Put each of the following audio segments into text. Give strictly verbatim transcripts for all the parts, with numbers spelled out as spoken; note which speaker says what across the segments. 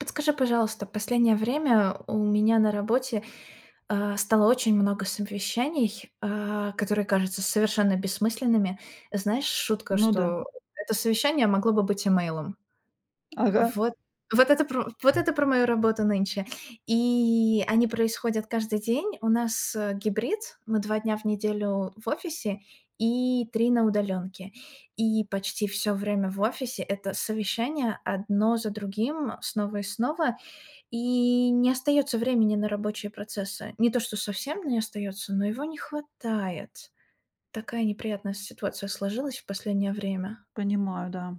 Speaker 1: Подскажи, пожалуйста, последнее время у меня на работе, э, стало очень много совещаний, э, которые кажутся совершенно бессмысленными. Знаешь, шутка,
Speaker 2: Ну да.
Speaker 1: что это совещание могло бы быть имейлом.
Speaker 2: Ага.
Speaker 1: Вот, вот это пр вот это про мою работу нынче. И они происходят каждый день. У нас, э, гибрид, мы два дня в неделю в офисе и три на удалёнке. И почти всё время в офисе- это совещание одно за другим, снова и снова. И не остаётся времени на рабочие процессы. Не то, что совсем не остаётся, но его не хватает. Такая неприятная ситуация сложилась в последнее время.
Speaker 2: Понимаю, да.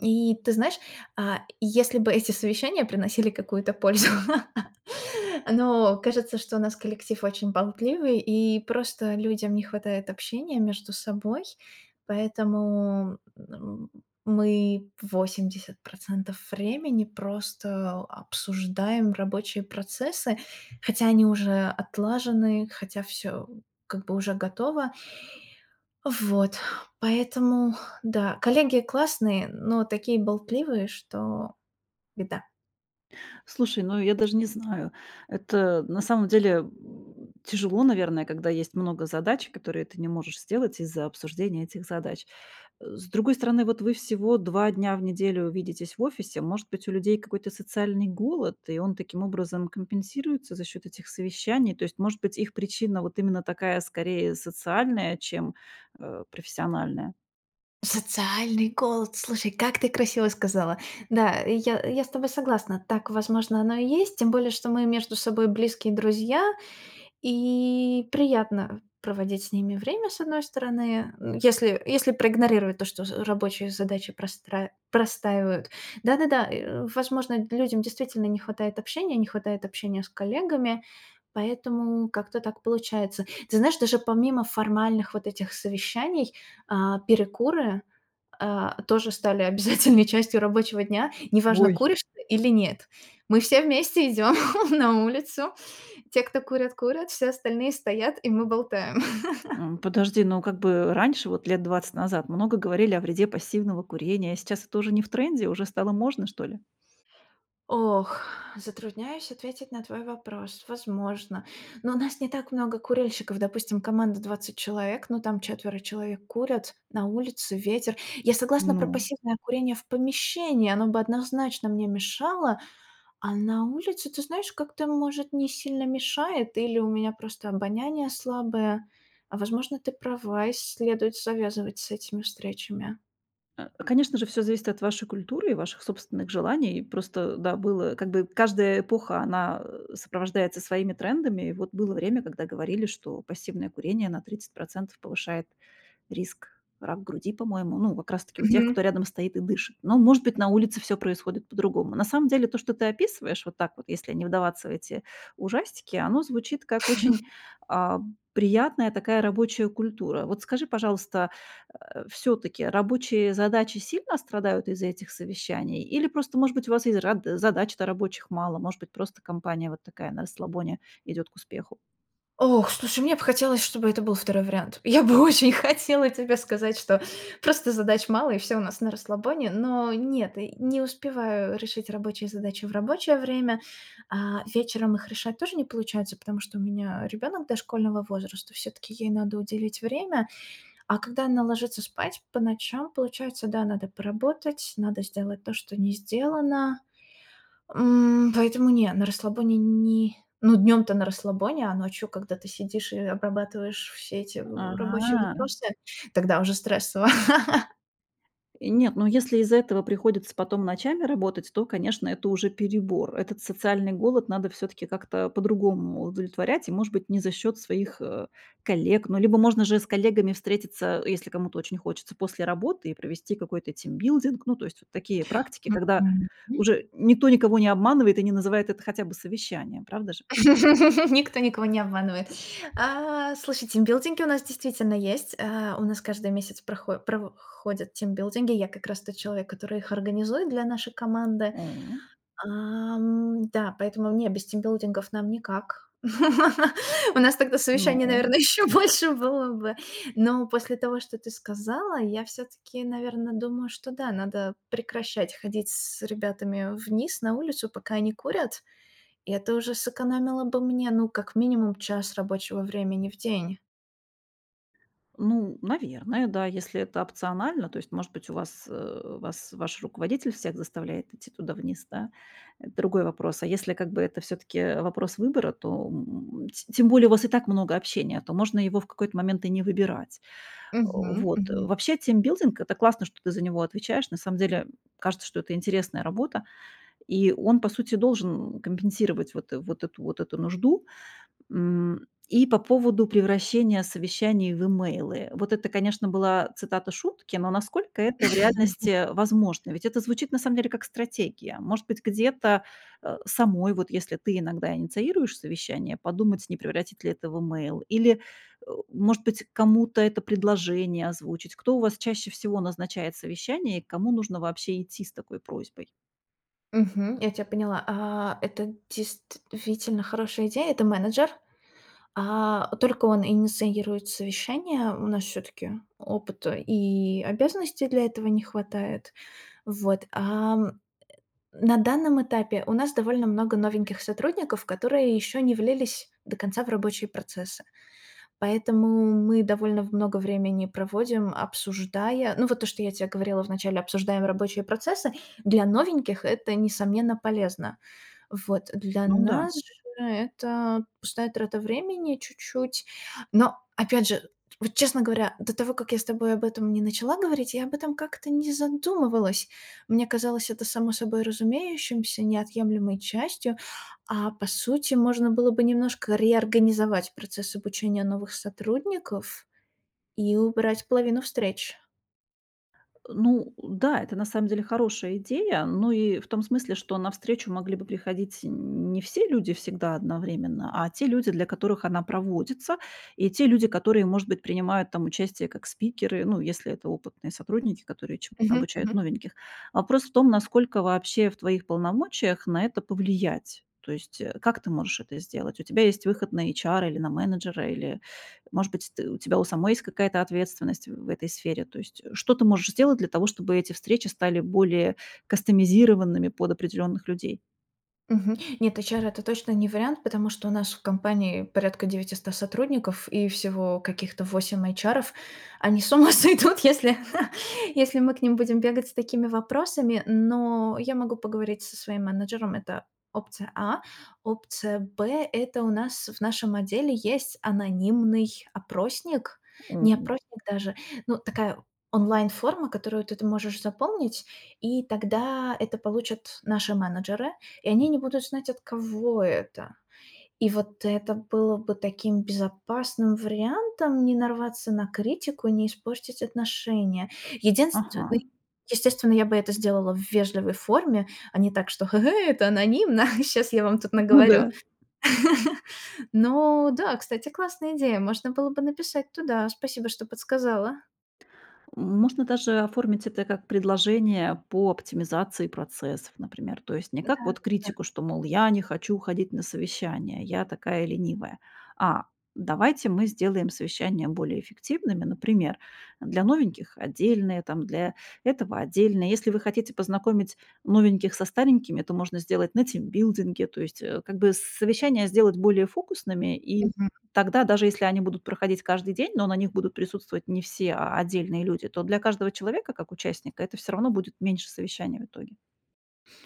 Speaker 1: И ты знаешь, а, если бы эти совещания приносили какую-то пользу, но кажется, что у нас коллектив очень болтливый, и просто людям не хватает общения между собой, поэтому, м, мы восемьдесят процентов времени просто обсуждаем рабочие процессы, хотя они уже отлажены, хотя всё как бы уже готово. Вот, поэтому да, коллеги классные, но такие болтливые, что беда.
Speaker 2: Слушай, ну я даже не знаю. Это на самом деле, м, тяжело, наверное, когда есть много задач, которые ты не можешь сделать из-за обсуждения этих задач. Э. С другой стороны, вот вы всего два дня в неделю видитесь в офисе, может быть, у людей какой-то социальный голод, и он таким образом компенсируется за счёт этих совещаний. То есть, может быть, их причина вот именно такая скорее социальная, чем, э, профессиональная.
Speaker 1: Социальный голод, слушай, как ты красиво сказала. Да, я я с тобой согласна, так, возможно, оно и есть, тем более, что мы между собой близкие друзья, и приятно проводить с ними время, с одной стороны, м, если если проигнорировать то, что з рабочие задачи простра простаивают. Да-да-да, э, возможно, людям действительно не хватает общения, не хватает общения с коллегами, поэтому как-то так получается. Ты знаешь, даже помимо формальных вот этих совещаний, а, перекуры, а, тоже стали обязательной частью рабочего дня. Неважно,
Speaker 2: Ой.
Speaker 1: куришь ты или нет, мы все вместе идём на улицу, те, кто курят, курят, все остальные стоят, и мы болтаем.
Speaker 2: М, подожди, ну как бы раньше, вот лет двадцать назад, много говорили о вреде пассивного курения, а сейчас это уже не в тренде, уже стало можно что ли?
Speaker 1: Ох, затрудняюсь ответить на твой вопрос. Возможно. Но у нас не так много курильщиков. Допустим, команда двадцать человек, но там четверо человек курят на улице, ветер. Я согласна про
Speaker 2: Ну
Speaker 1: пассивное курение в помещении, оно бы однозначно мне мешало, а на улице, ты знаешь, как-то, может не сильно мешает, или у меня просто обоняние слабое. А возможно, ты права, и следует завязывать с этими встречами.
Speaker 2: Э, конечно же, всё зависит от вашей культуры и ваших собственных желаний. Просто, да, было, как бы каждая эпоха, она сопровождается своими трендами. И вот было время, когда говорили, что пассивное курение на процентов повышает риск рак груди, по-моему, ну, как раз таки у тех, кто
Speaker 1: Мгм.
Speaker 2: рядом стоит и дышит. Но, может быть, на улице всё происходит по-другому. На самом деле то, что ты описываешь вот так вот, если не вдаваться в эти ужастики, оно звучит как очень, а, приятная такая рабочая культура. Вот скажи, пожалуйста, э, всё-таки рабочие задачи сильно страдают из-за этих совещаний или просто, может быть, у вас и з ра задач-то рабочих мало, может быть, просто компания вот такая, на расслабоне идёт к успеху?
Speaker 1: Ох, слушай, мне б хотелось, чтобы это был второй вариант. Я бы очень хотела тебе сказать, что просто задач мало, и всё у нас на расслабоне. Но нет, и не успеваю решить рабочие задачи в рабочее время. А, вечером их решать тоже не получается, потому что у меня ребёнок дошкольного возраста, всё-таки ей надо уделить время. А когда она ложится спать по ночам, получается, да, надо поработать, надо сделать то, что не сделано. М, поэтому не, на расслабоне не ну, днём-то на расслабоне, а ночью, когда ты сидишь и обрабатываешь все эти в рабочие
Speaker 2: А.
Speaker 1: вопросы, тогда уже стрессово.
Speaker 2: Нет, ну, если из-за этого приходится потом ночами работать, то, конечно, это уже перебор. Этот социальный голод надо всё-таки как-то по-другому удовлетворять, и, может быть, не за счёт своих, э, коллег. Ну, либо можно же и с коллегами встретиться, э, если кому-то очень хочется, после работы и провести какой-то тимбилдинг. Ну, то есть вот такие практики, когда
Speaker 1: Мгм. М.
Speaker 2: уже никто никого не обманывает. И не называет это хотя бы совещанием, правда же?
Speaker 1: Никто никого не обманывает. А, слушай, тимбилдинги у нас действительно есть. Э, у нас каждый месяц прохо прово ходят тимбилдинги. Я как раз тот человек, который их организует для нашей команды.
Speaker 2: М.
Speaker 1: А, м, да, поэтому, не, без тимбилдингов нам никак. У нас тогда совещаний,
Speaker 2: Ну.
Speaker 1: наверно, ещё больше было бы. Но после того, что ты сказала, я всё-таки, наверно, думаю, что да, надо прекращать ходить с ребятами вниз на улицу, пока они курят, и это уже сэкономило бы мне, ну, как минимум, час рабочего времени в день.
Speaker 2: Ну, наверное, да, если это опционально. То есть, может быть, у вас, э, вас ваш руководитель всех заставляет идти туда вниз, да, это другой вопрос. А если как бы это всё-таки вопрос выбора, то, м, м, т тем более у вас и так много общения, то можно его в какой-то момент и не выбирать.
Speaker 1: Мгм,
Speaker 2: Вот.
Speaker 1: мгм.
Speaker 2: Вообще, тимбилдинг- это классно, что ты за него отвечаешь. На самом деле, кажется, что это интересная работа, и он, по сути, должен компенсировать вот вот эту вот эту нужду. М, и по поводу превращения совещаний в имейлы. Вот это, конечно, была цитата шутки, но насколько это в реальности возможно? Ведь это звучит на самом деле как стратегия. Может быть, где-то, э, самой, вот если ты иногда инициируешь совещание, подумать, не превратить ли это в имейл или, э, может быть, кому-то это предложение озвучить, кто у вас чаще всего назначает совещание и к кому нужно вообще идти с такой просьбой.
Speaker 1: Мгм, я тя поняла. А, это действительно хорошая идея. Это менеджер. А, только он инициирует совещание. У нас всё-таки опыта и обязанностей для этого не хватает. Вот. Ам, э, на данном этапе у нас довольно много новеньких сотрудников, которые ещё не влились до конца в рабочие процессы. Поэтому мы довольно в много времени проводим, обсуждая ну, вот то, что я те говорила в начале, обсуждаем рабочие процессы. Для новеньких это, несомненно, полезно. Вот. Для
Speaker 2: Ну да.
Speaker 1: нас же это пустая трата времени чуть-чуть, но, опять же, вот, честно говоря, до того, как я с тобой об этом не начала говорить, я об этом как-то не задумывалась. Мне казалось это само собой разумеющимся, неотъемлемой частью, а, по сути, можно было бы немножко реорганизовать процесс обучения новых сотрудников и убрать половину встреч.
Speaker 2: Э, ну да, это на самом деле хорошая идея, но и в том смысле, что на встречу могли бы приходить не все люди всегда одновременно, а те люди, для которых она проводится, и те люди, которые, может быть, принимают там участие как спикеры, ну, если это опытные сотрудники, которые чему-то
Speaker 1: Мгм,
Speaker 2: обучают
Speaker 1: мгм.
Speaker 2: новеньких. Вопрос в том, насколько вообще в твоих полномочиях на это повлиять. То есть, э, как ты можешь это сделать? У тебя есть выход на эйчара или на менеджера, или, может быть, ты у тебя у самой есть какая-то ответственность в этой сфере? То есть, э, что ты можешь сделать для того, чтобы эти встречи стали более кастомизированными под определённых людей?
Speaker 1: Мгм. Нет, эйчары- это точно не вариант, потому что у нас в компании порядка девятиста сотрудников и всего каких-то восемь эйчаров. Они с ума сойдут, если если мы к ним будем бегать с такими вопросами. Но я могу поговорить со своим менеджером- это опция А. Опция Б- это у нас в нашем отделе есть анонимный опросник, не
Speaker 2: М.
Speaker 1: опросник даже, ну, такая онлайн-форма, которую ты ты можешь запомнить, и тогда это получат наши менеджеры, и они не будут знать, от кого это. И вот это было бы таким безопасным вариантом не нарваться на критику, не испортить отношения. Единственное.
Speaker 2: Ага.
Speaker 1: Естественно, я бы это сделала в вежливой форме, а не так, что: "Ге-гей, это анонимно, щас я вам тут
Speaker 2: Ну
Speaker 1: наговорю".
Speaker 2: да.
Speaker 1: Но да, кстати, классная идея, можно было бы написать туда. Спасибо, что подсказала.
Speaker 2: Можно даже оформить это как предложение по оптимизации процессов, например. То есть не
Speaker 1: Да,
Speaker 2: как
Speaker 1: да,
Speaker 2: вот
Speaker 1: да.
Speaker 2: критику, что, мол: "Я не хочу ходить на совещания, я такая ленивая". А: "Давайте мы сделаем совещания более эффективными, например, для новеньких отдельные, там, для этого отдельные". Если вы хотите познакомить новеньких со старенькими, то можно сделать на тимбилдинге, то есть, э, как бы, с совещания сделать более фокусными, и
Speaker 1: Мгм.
Speaker 2: тогда, даже если они будут проходить каждый день, но на них будут присутствовать не все, а отдельные люди, то для каждого человека как участника это всё равно будет меньше совещаний в итоге.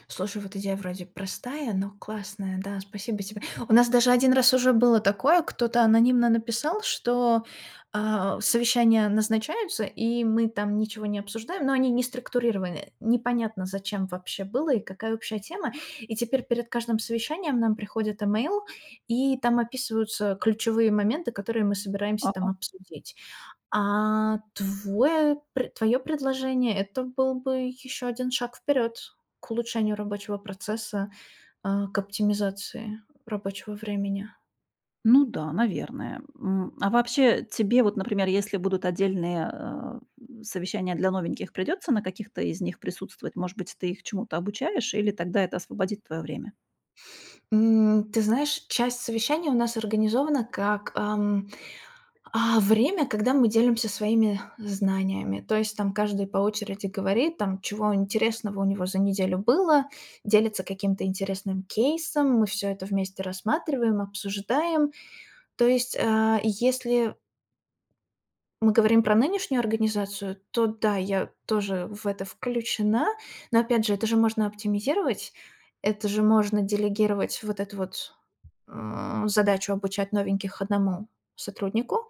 Speaker 1: Слушай, вот идея вроде простая, но классная. Да, спасибо тебе. У нас даже один раз уже было такое, кто-то анонимно написал, что, а, совещания назначаются, и мы там ничего не обсуждаем, но они не структурированы, э. Непонятно, зачем вообще было и какая общая тема. И теперь перед каждым совещанием нам приходит имейл, и там описываются ключевые моменты, которые мы собираемся там
Speaker 2: Ага.
Speaker 1: обсудить. А твой пр твоё предложение- это был бы ещё один шаг вперёд к улучшению рабочего процесса, э, к оптимизации рабочего времени.
Speaker 2: Ну да, наверное. М. А вообще, тебе вот, например, если будут отдельные, э, в совещания для новеньких, придётся на каких-то из них присутствовать? Может быть, ты их чему-то обучаешь, или тогда это освободит твоё время?
Speaker 1: М, ты знаешь, часть совещаний у нас организована как, ам, а, время, когда мы делимся своими знаниями. То есть там каждый по очереди говорит, там, чего интересного у него за неделю было, делится каким-то интересным кейсом, мы всё это вместе рассматриваем, обсуждаем. То есть, а, и если мы говорим про нынешнюю организацию, то да, я тоже в это включена. Но опять же, это же можно оптимизировать, это же можно делегировать вот эту вот, э, задачу обучать новеньких одному сотруднику,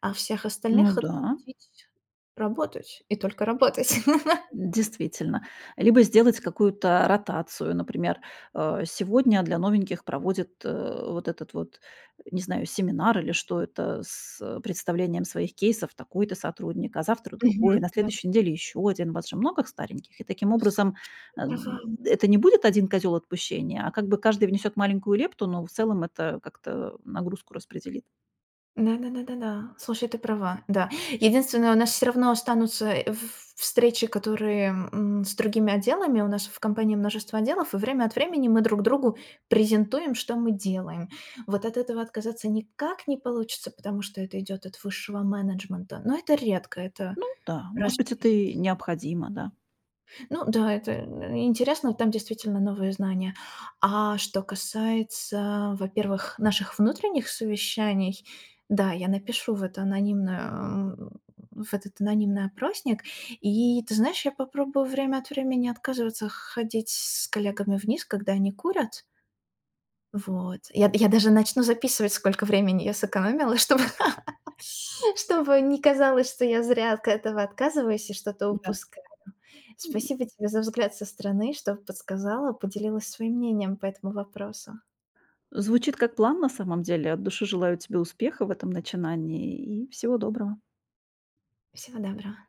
Speaker 1: а всех
Speaker 2: Ну
Speaker 1: остальных
Speaker 2: да.
Speaker 1: отпустить работать и только работать.
Speaker 2: Действительно. Либо сделать какую-то ротацию. Например, э, сегодня для новеньких проводит, э, вот этот вот, не знаю, семинар или что это, с, э, представлением своих кейсов такой-то сотрудник, а завтра другой,
Speaker 1: Мгм,
Speaker 2: на
Speaker 1: да.
Speaker 2: следующей неделе ещё один. У вас же много стареньких. И таким
Speaker 1: Слушай,
Speaker 2: образом,
Speaker 1: ты права.
Speaker 2: н это не будет один козёл отпущения, а как бы каждый внесёт маленькую лепту, но в целом это как-то нагрузку распределит.
Speaker 1: Да да да да, слушай, ты права. Да, единственное, у нас всё равно останутся в ф встречи, которые, м, с другими отделами, у нас в компании множество отделов, и время от времени мы друг другу презентуем, что мы делаем. Вот от этого отказаться никак не получится, потому что это идёт от высшего менеджмента, но это редко, это
Speaker 2: Ну да,
Speaker 1: раз
Speaker 2: может быть,
Speaker 1: в
Speaker 2: это
Speaker 1: месяц.
Speaker 2: и необходимо, да.
Speaker 1: Ну да, это и интересно, там действительно новые знания. А что касается, во-первых, наших внутренних совещаний, да, я напишу в это анонимный о в этот анонимный опросник. И, ты знаешь, я попробую время от времени отказываться х ходить с коллегами вниз, когда они курят. Вот, я я даже начну записывать, сколько времени я сэкономила, чтобы чтобы не казалось, что я зря от этого отказываюсь и что-то
Speaker 2: Да.
Speaker 1: упускаю.
Speaker 2: М.
Speaker 1: Спасибо тебе за взгляд со стороны, что подсказала, поделилась своим мнением по этому вопросу.
Speaker 2: Звучит как план, на самом деле. От души желаю тебе успехов в этом начинании и всего доброго.
Speaker 1: Всего доброго.